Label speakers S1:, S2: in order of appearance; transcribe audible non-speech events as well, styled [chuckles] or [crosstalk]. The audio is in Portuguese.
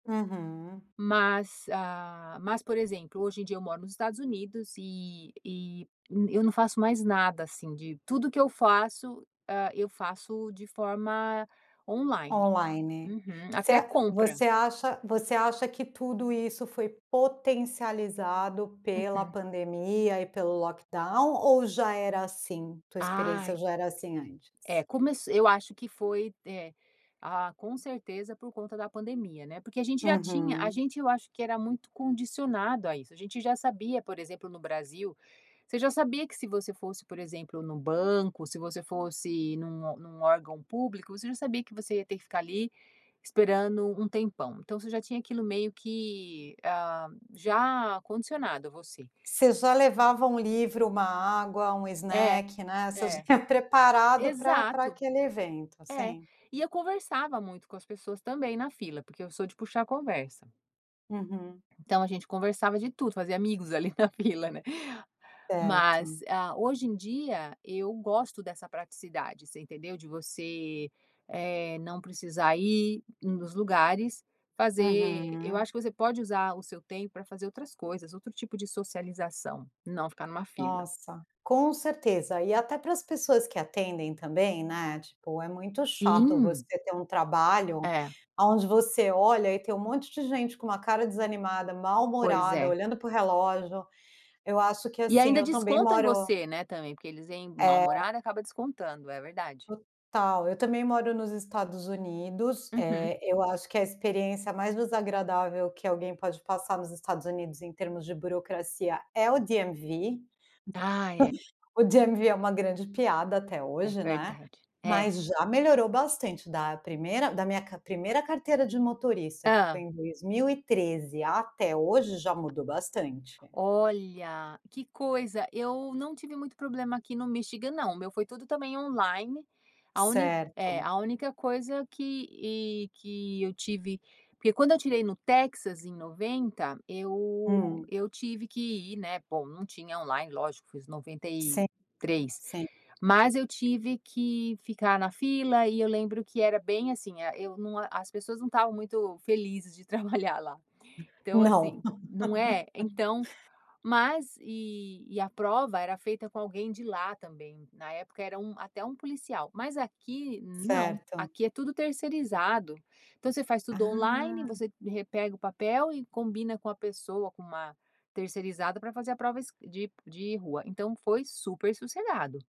S1: Uhum.
S2: Mas, ah, mas, por exemplo, hoje em dia, eu moro nos Estados Unidos e e e eu não faço mais nada assim de tudo que eu faço, hã, eu faço de forma on-line.
S1: On-line.
S2: Uhum.
S1: Você
S2: Até compra.
S1: você acha você acha que tudo isso foi potencializado pela
S2: Uhum.
S1: pandemia e pelo lockdown ou já era assim, tua experiência
S2: Ai.
S1: já era assim antes?
S2: É, começ eu acho que foi é, ah, com certeza, por conta da pandemia, né, porque a gente já tinha a
S1: Uhum.
S2: gente eu acho que era muito condicionado a isso. A gente já sabia, por exemplo, no Brasil, você já sabia que se você fosse, por exemplo, no banco, se você fosse num num órgão público, você já sabia que você ia ter que ficar ali esperando um tempão. Então você já tinha aquilo meio que, ah, já condicionado a você.
S1: Você já levava um livro, uma água, um
S2: É,
S1: snack né, você já
S2: é.
S1: ia preparado pra pra
S2: Exato.
S1: aquele evento.
S2: É.
S1: Sim.
S2: E eu conversava muito com as pessoas também na fila, porque eu sou de puxar conversa.
S1: Uhum.
S2: Então a gente conversava de tudo, fazia amigos ali na fila, né. [laughs] Mas,
S1: Certo.
S2: ah, hoje em dia, eu gosto dessa praticidade, você entendeu? De você, eh, não precisar ir nos lugares fazer eu
S1: Uhum.
S2: acho que você pode usar o seu tempo pra fazer outras coisas, outro tipo de socialização, não ficar numa fila.
S1: Nossa, com certeza! E até para as pessoas que atendem também, né, tipo, é muito chato você
S2: Sim.
S1: ter um trabalho
S2: É.
S1: aonde você olha e tem um monte de gente com uma cara desanimada,
S2: Pois
S1: mal-humorada,
S2: é.
S1: olhando para o relógio. Eu acho que,
S2: E
S1: assim,
S2: ainda
S1: eu também
S2: descontam em
S1: moro
S2: você, né, também, porque eles vêm
S1: É.
S2: mal-humorado, acaba descontando. É verdade.
S1: Total. Eu também moro nos Estados Unidos,
S2: Uhum.
S1: eh, eu acho que a experiência mais desagradável que alguém pode passar nos Estados Unidos em termos de burocracia é o DMV. [chuckles]
S2: Ah, é.
S1: O DMV é uma grande piada até
S2: É
S1: hoje, né,
S2: verdade. É.
S1: mas já melhorou bastante da 1ª, da minha ca 1ª carteira de motorista, que foi
S2: Hã.
S1: em 2013, até hoje já mudou bastante.
S2: Olha, que coisa, eu não tive muito problema aqui no Michigan não. O meu foi tudo também on-line, a úni é.
S1: Certo.
S2: A única coisa que e que eu tive porque quando eu tirei no Texas em 90, eu
S1: Hum.
S2: eu tive que ir, né, bom, não tinha on-line lógico, foi os noventa e
S1: Sim,
S2: três,
S1: sim.
S2: mas eu tive que ficar na fila e eu lembro que era bem, assim, ah, eu não a as pessoas não estavam muito felizes de trabalhar lá. Então,
S1: Não.
S2: assim
S1: [laughs]
S2: não é? Então mas e e a prova era feita com alguém de lá também. Na época, era um até um policial, mas aqui não,
S1: Certo.
S2: aqui é tudo terceirizado. Então você faz tudo on-line,
S1: Ah.
S2: você re pega o papel e combina com a pessoa, com uma terceirizada pra fazer a prova esc de de rua. Então foi super sossegado.